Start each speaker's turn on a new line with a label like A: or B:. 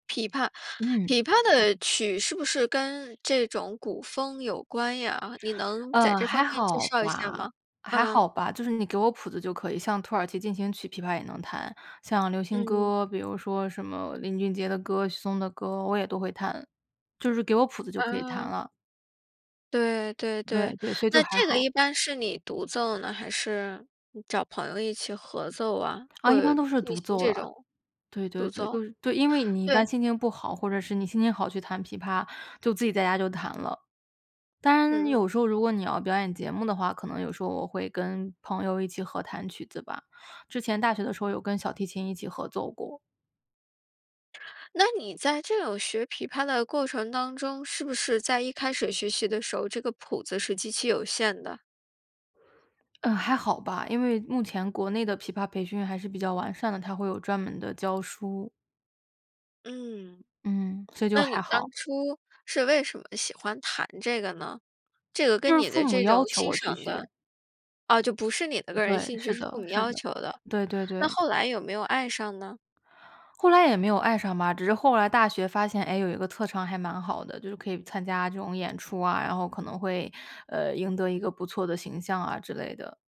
A: 琵琶，
B: 嗯。
A: 琵琶的曲是不是跟这种古风有关呀？你能在
B: 呃，
A: 这
B: 还
A: 方面介
B: 好
A: 绍一下
B: 吧，
A: 吗？
B: 还
A: 嗯。
B: 好吧。就是你给我谱子就可以，像《土耳其进行曲》琵琶也能弹，像流行
A: 嗯。
B: 歌，比如说什么林俊杰的歌，许嵩的歌，我也都会弹，就是给我谱子就可以弹
A: 啊。
B: 了。
A: 对，对，
B: 对，
A: 对。
B: 对，所以就
A: 那
B: 还
A: 这个
B: 好。
A: 一般是你独奏呢，还是找朋友一起合奏啊？
B: 啊，一
A: 会
B: 般都是
A: 进
B: 独
A: 行
B: 奏
A: 这
B: 了。
A: 种
B: 对，对，
A: 独
B: 对，
A: 奏？
B: 都是对，因为你一般
A: 对。
B: 心情不好，或者是你心情好去弹琵琶，就自己在家就弹了。当然
A: 嗯。
B: 有时候如果你要表演节目的话，可能有时候我会跟朋友一起合弹曲子吧，之前大学的时候有跟小提琴一起合作过。
A: 那你在这种学琵琶的过程当中，是不是在一开始学习的时候，这个谱子是极其有限的？
B: 呃，还好吧，因为目前国内的琵琶培训还是比较完善的，它会有专门的教书。
A: 嗯。
B: 嗯，所以就
A: 那
B: 还
A: 你当
B: 好。
A: 初是为什么喜欢弹这个呢？这个
B: 就
A: 跟
B: 是
A: 你
B: 父
A: 的
B: 母
A: 这种
B: 要求
A: 欣
B: 我去
A: 赏
B: 学。
A: 的哦，就不是你的个人
B: 对，
A: 兴趣，
B: 是
A: 是
B: 的，
A: 父母
B: 是
A: 要
B: 的。
A: 求的。
B: 对，对，
A: 那
B: 对。
A: 后来有没有爱上呢？
B: 后来也没有爱上吧，只是后来大学发现，诶，有一个特长还蛮好的，就是可以参加这种演出啊，然后可能会，呃，赢得一个不错的形象啊之类的。